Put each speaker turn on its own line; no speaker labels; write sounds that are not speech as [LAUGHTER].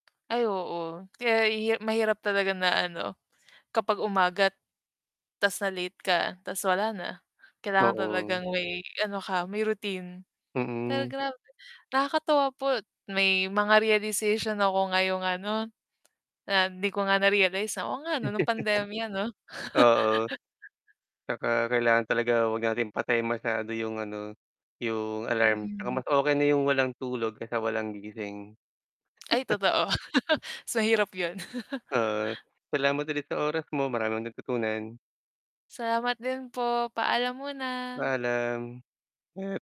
Ay, oo, kaya hi mahirap talaga na, ano, kapag umaga't tas na-late ka, tas wala na, kailangan
Oo.
talagang may ano ka, may routine. Pero
Mm.
grabe nakakatuwa po may mga realization ako ngayong ano, ah, hindi ko nga narealize na, "Oo nga, ano, nung pandemya, ano."
[CHUCKLES] Oo.
[LAUGHS]
Tsaka, kailangan talaga wag natin patayin masyado yung ano, yung alarm. 'Tsaka,
Mm.
mas okay na yung walang tulog kesa walang gising.
Ay,
[CHUCKLES]
totoo. [CHUCKLES] Mas hirap, yun.
Oo,
[CHUCKLES]
salamat ulit sa oras mo, maraming natutunan.
Salamat din po, paalam muna.
Paalam. Hep